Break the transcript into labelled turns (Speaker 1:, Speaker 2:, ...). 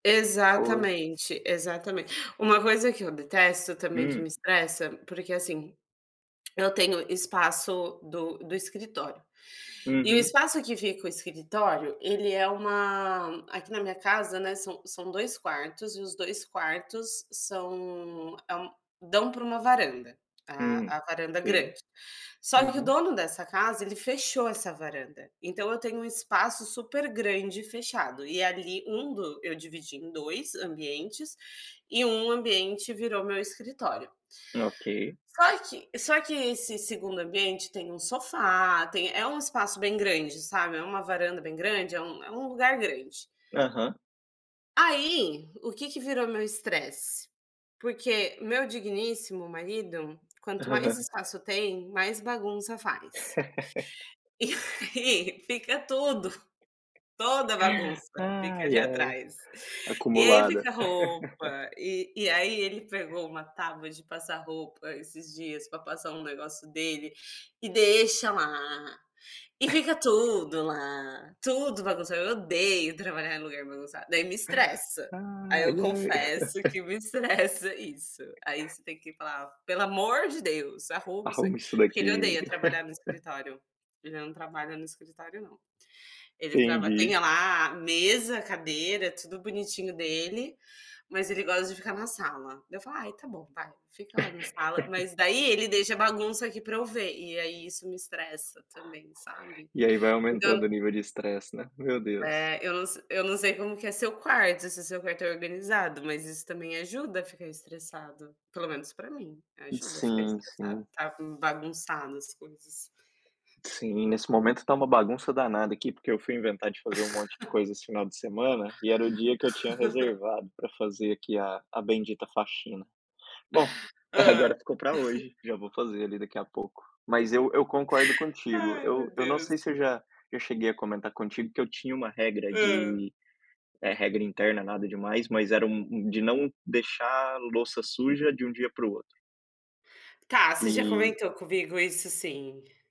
Speaker 1: Pois.
Speaker 2: Exatamente, exatamente, uma coisa que eu detesto também, que me
Speaker 1: Hum.
Speaker 2: estressa, porque assim, eu tenho espaço do do escritório, e o
Speaker 1: Uhum.
Speaker 2: espaço que fica o escritório, ele é uma aqui na minha casa, né, são são 2 quartos e os 2 quartos são é um dão pra uma varanda, a
Speaker 1: Hum,
Speaker 2: a varanda grande,
Speaker 1: sim,
Speaker 2: só que o
Speaker 1: uhum
Speaker 2: dono dessa casa ele fechou essa varanda, então eu tenho um espaço supergrande fechado e ali um do eu dividi em 2 ambientes e 1 ambiente virou meu escritório
Speaker 1: Ok.
Speaker 2: só que só que esse 2ª ambiente tem um sofá, tem é um espaço bem grande, sabe, é uma varanda bem grande, é um é um lugar grande
Speaker 1: Aham.
Speaker 2: aí, o que que virou meu estresse, porque meu digníssimo marido, quanto mais espaço tem, mais bagunça faz e aí fica tudo toda a bagunça fica ali
Speaker 1: Ai, ai,
Speaker 2: atrás, e aí
Speaker 1: acumulada.
Speaker 2: fica roupa, e e aí ele pegou uma tábua de passar roupa esses dias pra passar um negócio dele e deixa lá, e fica tudo lá, tudo bagunçado, eu odeio trabalhar em lugar bagunçado, daí me estressa, aí
Speaker 1: Ai,
Speaker 2: eu
Speaker 1: ai.
Speaker 2: confesso que me estressa isso, aí você tem que falar: "Pelo amor de Deus, arruma isso aqui",
Speaker 1: Arruma isso
Speaker 2: porque ele
Speaker 1: daqui.
Speaker 2: odeia trabalhar no escritório, ele não trabalha no escritório, não, ele traba tem
Speaker 1: Entendi.
Speaker 2: lá a mesa, a cadeira, tudo bonitinho dele, mas ele gosta de ficar na sala, daí eu falo, ai, tá bom, vai, fica lá na sala, mas daí ele deixa a bagunça aqui pra eu ver, e aí isso me estressa também, sabe,
Speaker 1: E aí vai
Speaker 2: então
Speaker 1: aumentando o nível de estresse, né, meu Deus.
Speaker 2: é, eu não se eu não sei como que é seu quarto, se seu quarto é organizado, mas isso também ajuda a ficar estressado, pelo menos pra mim, ajuda a ficar
Speaker 1: Sim,
Speaker 2: estressado,
Speaker 1: sim.
Speaker 2: está com bagunçado as coisas.
Speaker 1: Sim, nesse momento está uma bagunça danada aqui, porque eu fui inventar de fazer um monte de coisa esse final de semana, e era o dia que eu tinha reservado pra fazer aqui a a bendita faxina, bom,
Speaker 2: Hã.
Speaker 1: agora ficou pra hoje, já vou fazer ali daqui a pouco, mas eu eu concordo contigo,
Speaker 2: Ai,
Speaker 1: eu
Speaker 2: meu
Speaker 1: eu não
Speaker 2: Deus!
Speaker 1: sei se eu já eu cheguei a comentar contigo que eu tinha uma regra
Speaker 2: Hã.
Speaker 1: de, eh, regra interna, nada demais, mas era um um de não deixar louça suja de um dia pro outro.
Speaker 2: Tá, você já
Speaker 1: E
Speaker 2: comentou comigo isso sim.